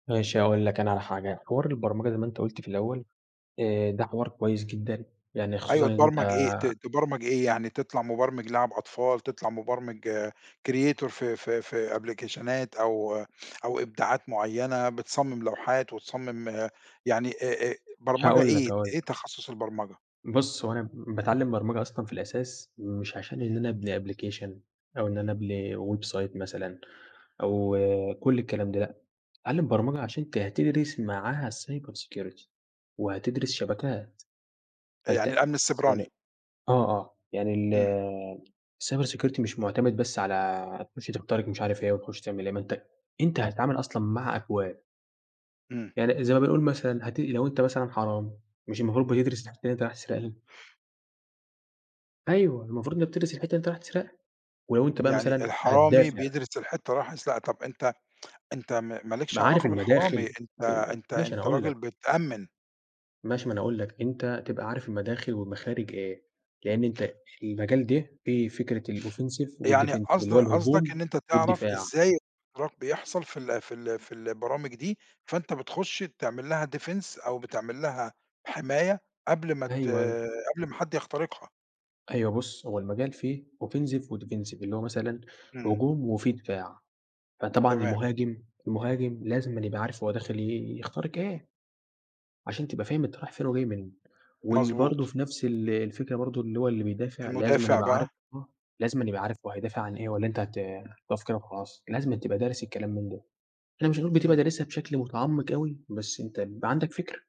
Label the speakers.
Speaker 1: ماشي هاقول لك أنا على حاجة، حوار البرمجة زي ما أنت قُلت في الأول آآ ده حوار كويس جدًا يعني خصوصًا
Speaker 2: أيوه
Speaker 1: إن أنت
Speaker 2: تبرمج إيه ت تبرمج إيه يعني تطلع مبرمج لعب أطفال، تطلع مبرمج creator في في في أبليكيشنات أو أو إبداعات معيّنة بتصمم لوحات، وتصمم يعني أ أ برمجة
Speaker 1: هاقول لك،
Speaker 2: إيه؟
Speaker 1: هاقول
Speaker 2: إيه
Speaker 1: لك.
Speaker 2: تخصص البرمجة؟
Speaker 1: بُص هو أنا باتعلم برمجة أصلًا في الأساس مش عشان إن أنا أبني application أو إن أنا أبني website مثلًا أو كل الكلام ده لأ، اتعلم برمجة عشان أنت هتدرس معاها cyber security وهتدرس شبكات،
Speaker 2: آآ
Speaker 1: فأنت
Speaker 2: يعني الأمن
Speaker 1: يعني
Speaker 2: السيبراني.
Speaker 1: آه آه يعني
Speaker 2: إمم.
Speaker 1: ال الcyber security مش معتمد بس على تخش تخترق مش عارف إيه، وتخش تعمل إيه ما أنت أنت هتتعامل أصلًا مع أكواد.
Speaker 2: إمم.
Speaker 1: يعني زي ما بنقول مثلًا هت لو أنت مثلًا حرامي مش المفروض بتدرس الحتة اللي أنت رايح هتسرقها؟ أيوه المفروض إن أنت بتدرس الحتة اللي أنت رايح تسرقها، ولو أنت بقى
Speaker 2: يعني
Speaker 1: مثلًا
Speaker 2: الحرامي
Speaker 1: هتدافع.
Speaker 2: بيدرس الحتة اللي رايح يسرقها طب أنت أنت ما ما
Speaker 1: ب
Speaker 2: لكش
Speaker 1: عارف
Speaker 2: علاقة بالحرامي،
Speaker 1: المداخل،
Speaker 2: أنت
Speaker 1: ت [unintelligible]
Speaker 2: أنت
Speaker 1: أنا
Speaker 2: أنت
Speaker 1: هاقول
Speaker 2: راجل
Speaker 1: لك.
Speaker 2: بتأمن.
Speaker 1: ماشي ما أنا هاقول لك، أنت تبقى عارف المداخل والمخارج إيه، لأن أنت المجال ده فيه فكرة الoffensive
Speaker 2: يعني
Speaker 1: والdefensive
Speaker 2: قصد
Speaker 1: اللي هو
Speaker 2: قصدك إن
Speaker 1: الهجوم
Speaker 2: أنت تعرف
Speaker 1: والدفاع.
Speaker 2: إزاي الاختراق بيحصل في ال في ال في البرامج دي فأنت بتخش تعمل لها defense أو بتعمل لها حماية قبل ما ت
Speaker 1: أيوه أيوه.
Speaker 2: قبل ما حد يخترقها.
Speaker 1: أيوه بُص هو المجال فيه offensive وdefensive اللي هو مثلًا
Speaker 2: إمم.
Speaker 1: هجوم وفيه دفاع، فطبعًا
Speaker 2: تمام.
Speaker 1: المهاجم، المهاجم لازمًا يبقى عارف هو داخل يخترق إيه عشان تبقى فاهم أنت رايح فين وجاي منين واللي برضه
Speaker 2: مضبوط.
Speaker 1: في نفس ال الفكرة برضه اللي هو اللي بيدافع لازمًا
Speaker 2: المُدافع
Speaker 1: يبقى عارف
Speaker 2: بقى؟
Speaker 1: آه لازمًا يبقى عارف هو هيدافع عن إيه والّا أنت هت هتقف كده وخلاص لازمًا تبقى دارس الكلام من ده، إحنا مش هنقول بتبقى
Speaker 2: إمم.
Speaker 1: دارسها بشكل متعمق أوي بس أنت بيبقى عندك فكرة.